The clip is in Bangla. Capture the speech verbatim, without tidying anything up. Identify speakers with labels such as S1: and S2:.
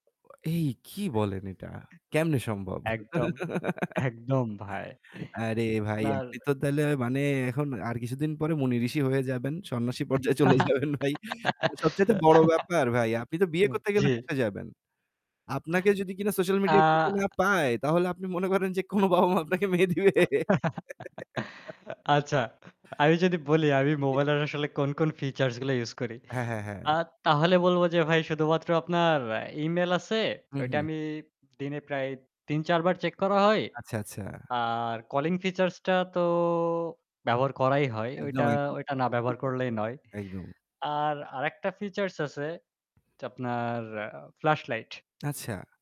S1: আ এই কি বলেন এটা কেমনে সম্ভব।
S2: একদম, একদম ভাই।
S1: আরে ভাই,
S2: আপনার
S1: আপনি তো তাইলে মানে এখন আর কিছুদিন পরে মুনি ঋষি হয়ে যাবেন। সন্ন্যাসী পর্যায়ে চলে যাবেন ভাই। সবচাইতে বড় ব্যাপার ভাই, আপনি তো বিয়ে
S2: উ
S1: করতে গেলে
S2: জি।
S1: ফেসে যাবেন। আপনাকে যদি কিনা সোশ্যাল মিডিয়াতে না
S2: আ
S1: পায় তাহলে আপনি মনে করেন যে কোনো বাবা-মা আপনাকে মেয়ে দিবে?
S2: আচ্ছা, আমি যদি বলি আমি
S1: [unintelligible]
S2: মোবাইলের আসলে কোন, কোন ফিচার্স গুলো ইউস করি।
S1: হ্যাঁ, হ্যাঁ, হ্যাঁ।
S2: আ তাহলে বলব যে ভাই শুধুমাত্র আপনার ইমেইল আছে।
S1: হু,
S2: ওইটা
S1: হু।
S2: আমি দিনে প্রায় তিন-চার বার চেক করা হয়।
S1: আচ্ছা, আচ্ছা।
S2: আর কলিং ফিচার্সটা তো ব্যবহার করাই হয়।
S1: একদম,
S2: ওইটা,
S1: একদম,
S2: ওইটা না ব্যবহার
S1: [unintelligible]
S2: করলেই নয়।
S1: একদম।
S2: আর আরেকটা ফিচার্স আছে আপনার ফ্ল্যাশ লাইট।
S1: আচ্ছা।